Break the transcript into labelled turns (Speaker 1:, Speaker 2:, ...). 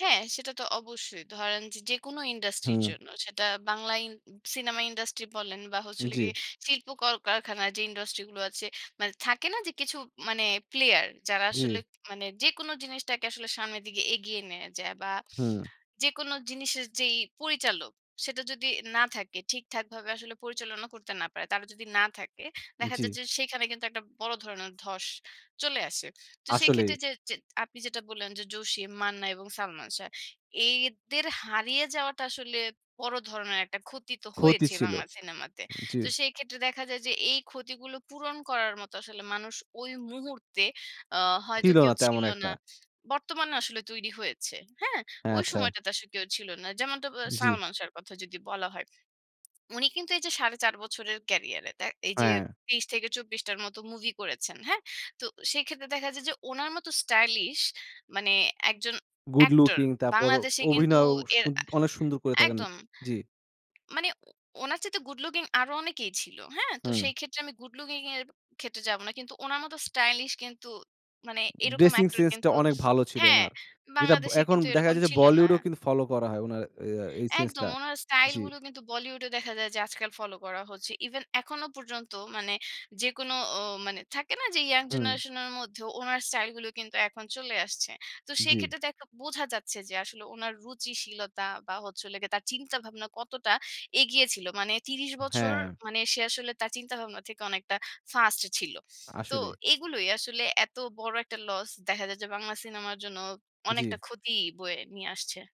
Speaker 1: হ্যাঁ, সেটা তো অবশ্যই। ধরেন যে যেকোনো ইন্ডাস্ট্রি র
Speaker 2: হুম।
Speaker 1: জন্য সেটা বাংলা ই সিনেমা ইন্ডাস্ট্রি বলেন বা হচ্ছে হলো
Speaker 2: জি।
Speaker 1: গিয়ে শিল্প কল কারখানার যে ইন্ডাস্ট্রি গুলো আছে মানে থাকে না যে কিছু মানে প্লেয়ার। যারা আসলে
Speaker 2: জি।
Speaker 1: মানে যেকোনো জিনিসটাকে আসলে সামনের দিকে এগিয়ে নেয়া যায়। বা
Speaker 2: হুম।
Speaker 1: যেকোনো জিনিসের যেই পরিচালক সেটা যদি না থাকে, ঠিকঠাক ভাবে আসলে পরিচালনা করতে না পারে। তারা যদি না থাকে, দেখা যায়
Speaker 2: জি।
Speaker 1: যে সেখানে কিন্তু একটা বড় ধরনের ধস চলে আসে। তো সেই
Speaker 2: আসলেই।
Speaker 1: ক্ষেত্রে যে, যে আপনি যেটা বললেন যে জসিম, মান্না এবং সালমান শাহ, এদের হারিয়ে যাওয়াটা আসলে বড় ধরনের একটা ক্ষতি তো
Speaker 2: ক্ষতি
Speaker 1: হয়েছে
Speaker 2: ছিল,
Speaker 1: বাংলা সিনেমাতে।
Speaker 2: জি।
Speaker 1: তো সেই ক্ষেত্রে দেখা যায় যে এই ক্ষতিগুলো পূরণ করার মতো আসলে মানুষ ওই মুহূর্তে অ হয়তো
Speaker 2: ছিল
Speaker 1: কেউ
Speaker 2: না তেমন
Speaker 1: ছিল না।
Speaker 2: একটা।
Speaker 1: বর্তমানে আসলে তৈরি হয়েছে। হ্যাঁ? ঐ
Speaker 2: হ্যাঁ আচ্ছা।
Speaker 1: সময়টা তে আসলে কেউ ছিল না। যেমনটা
Speaker 2: জি।
Speaker 1: সালমান শাহর কথা যদি বলা হয়, উনি কিন্তু এই যে ৪.৫ বছরের ক্যারিয়ারে দে এই যে
Speaker 2: হ্যাঁ।
Speaker 1: ৩০ থেকে ২৪ টার মত মুভি করেছেন। হ্যাঁ? তো সেক্ষেত্রে দেখা যায় যে উনার মতো স্টাইলিশ মানে একজন
Speaker 2: গুড
Speaker 1: অ্যাক্টর
Speaker 2: লুকিং তারপর অ
Speaker 1: বাংলাদেশে কিন্তু
Speaker 2: অভিনয়ও
Speaker 1: এর
Speaker 2: সু
Speaker 1: আ
Speaker 2: অনেক সুন্দর করে থাকেন।
Speaker 1: একদম।
Speaker 2: জি।
Speaker 1: মানে ওনার চাইতে গুড লুকিং আরো অনেকেই ছিল। হ্যাঁ? তো সেই
Speaker 2: হুম।
Speaker 1: ক্ষেত্রে আমি গুড লুকিং এর ক্ষেত্রে যাব না। কিন্তু ওনার মতো স্টাইলিশ কিন্তু মানে এরকম
Speaker 2: ড্রেসিং
Speaker 1: অ্যাক্টর
Speaker 2: সেন্স টা
Speaker 1: কিন্তু
Speaker 2: অনেক ভালো ছিল
Speaker 1: হ্যাঁ,
Speaker 2: উনার। যেটা ব
Speaker 1: বাংলাদেশে
Speaker 2: এখন
Speaker 1: কিন্তু
Speaker 2: দেখা
Speaker 1: এরকম
Speaker 2: গেছে যে
Speaker 1: ছিল না।
Speaker 2: বলিউডও কিন্তু ফলো করা হয় উনার অ্যা এই সেন্স
Speaker 1: একদম
Speaker 2: টা।
Speaker 1: উনার স্টাইল
Speaker 2: জি।
Speaker 1: গুলো কিন্তু বলিউডে দেখা যায় যে আজকাল ফলো করা হচ্ছে। ইভেন এখনো পর্যন্ত মানে যেকোনো অ মানে থাকে না যে ইয়ং
Speaker 2: হুম।
Speaker 1: জেনারেশন এর মধ্যে ওনার স্টাইল গুলো কিন্তু এখন চলে আসছে। তো সেই
Speaker 2: জি।
Speaker 1: ক্ষেত্রে দেখ বোঝা যাচ্ছে যে আসলে উনার রুচিশীলতা বা হচ্ছে হলো গিয়ে তার চিন্তাভাবনা কতটা এগিয়ে ছিল। মানে ৩০ বছর
Speaker 2: হ্যাঁ।
Speaker 1: মানে সে আসলে তার চিন্তাভাবনা থেকে অনেকটা ফাস্ট ছিল। তো
Speaker 2: আসলেই।
Speaker 1: এগুলোই আসলে এত বড় একটা লস দেখা যায় যে বাংলা সিনেমার জন্য
Speaker 2: জি।
Speaker 1: অনেকটা ক্ষতি বয়ে নিয়ে আসছে।